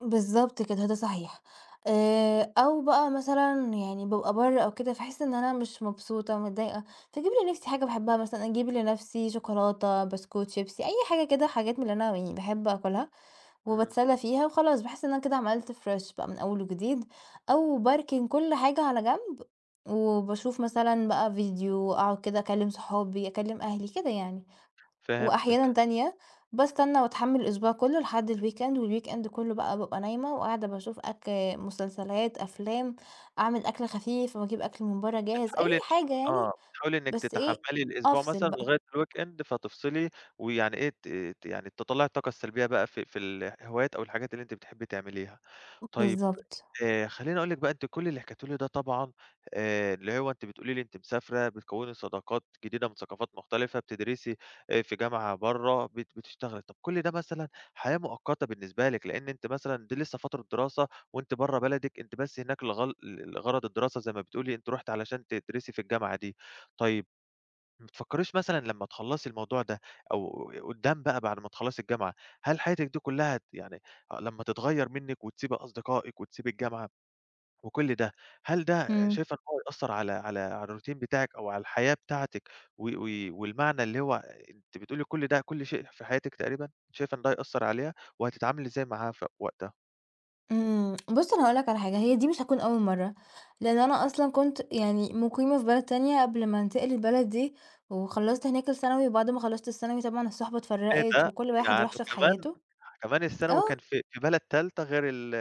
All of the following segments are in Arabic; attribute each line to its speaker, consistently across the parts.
Speaker 1: بالضبط كده، ده صحيح. آآ، أو بقى مثلًا يعني بابقى برا أو كده فاحس إن أنا مش مبسوطة متضايقة فاجيب لنفسي حاجة باحبها مثلًا أجيب لنفسي شوكولاتة، بسكوت، شيبسي، أي حاجة كده حاجات من اللي أنا يعني باحب آكلها.
Speaker 2: إمم.
Speaker 1: وباتسلى فيها وخلاص باحس إن أنا كده عملت فريش بقى من أول وجديد أو باركن كل حاجة على جنب، وباشوف مثلًا بقى فيديو، أقعد كده أكلم صحابي، أكلم أهلي كده يعني. وأحيانًا
Speaker 2: فهمتِك.
Speaker 1: تانية باستنى واتحمّل الأسبوع كله لحد الweekend والweekend كله بقى بابقى نايمة وقاعدة باشوف أك مسلسلات، أفلام، أعمل أكل خفيف واجيب أكل من برا جاهز، أي
Speaker 2: بتحاولي إنِّك
Speaker 1: حاجة
Speaker 2: آه
Speaker 1: يعني
Speaker 2: بتحاولي إنِّك
Speaker 1: بس إيه
Speaker 2: تتحمّلي الأسبوع
Speaker 1: أفصل
Speaker 2: مثلًا
Speaker 1: بقى.
Speaker 2: لغاية الweekend فتفصلي ويعني إيه ت ت يعني تطلّعي الطاقة السلبية بقى في في الهوايات أو الحاجات اللي أنتِ بتحبي تعمليها.
Speaker 1: [unintelligible]
Speaker 2: طيب
Speaker 1: بالضبط.
Speaker 2: آآ، خلّيني اقول لِك بقى أنتِ كل اللي حكيتيه لي ده طبعًا آآ، اللي هو أنتِ بتقولي لي أنتِ مسافرة بتكوّني صداقات جديدة من ثقافات مختلفة بتدرسي آآ، في جامعة برا بت بتشتغلي. طب كل ده مثلًا حياة مؤقتة بالنسبة لِك لإن أنتِ مثلًا دي لسه فترة دراسة وأنتِ برا بلدِك، أنتِ بس هناك لغل ل لغَرَض الدراسة زي ما بتقولي أنتَ رُحتِ علشان تدرسي في الجامعة دي. طيب ما بتفكّريش مثلًا لما تخلّصي الموضوع ده، أو ي قدام بقى بعد ما تخلّصي الجامعة، هل حياتِك دي كلها ت يعني لما تتغيّر منِّك وتسيبي أصدقائِك وتسيبي الجامعة وكل ده، هل ده
Speaker 1: إمم.
Speaker 2: شايفة إن هو هيأثّر على على على الروتين بتاعِك أو على الحياة بتاعتِك و وي والمعنى اللي هو أنتِ بتقولي كل ده كل شيء في حياتِك تقريبًا، شايفة إن ده هيأثّر عليها؟ وهتتعاملي إزاي معاها في وقتها؟
Speaker 1: إمم. بُصّ أنا هاقول لك على حاجة، هي دي مش هتكون أول مرة، لإن أنا أصلًا كنت يعني مُقيمة في بلد تانية، قبل ما انتقل للبلد دي وخلصت هناك الثانوي، وبعد ما خلصت الثانوي طبعًا الصُحبة
Speaker 2: إيه
Speaker 1: اتفرّقت
Speaker 2: ده!
Speaker 1: وكل واحد
Speaker 2: يعني
Speaker 1: راح شاف
Speaker 2: كمان
Speaker 1: حياته.
Speaker 2: كمان الثانوي كان
Speaker 1: آه.
Speaker 2: في في بلد تالتة غير ال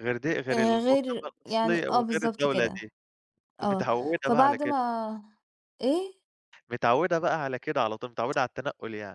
Speaker 2: غير دي غير
Speaker 1: آآ، غير
Speaker 2: [unintelligible]
Speaker 1: يعني
Speaker 2: الأصلي
Speaker 1: آه،
Speaker 2: وغير
Speaker 1: بالضبط
Speaker 2: الدولة
Speaker 1: كده.
Speaker 2: دي، أنتِ
Speaker 1: آه،
Speaker 2: متعوّدة بقى على
Speaker 1: فبعد
Speaker 2: كده.
Speaker 1: ما إيه؟
Speaker 2: متعوّدة بقى على كده، على طول متعوّدة على التنقُّل يعني.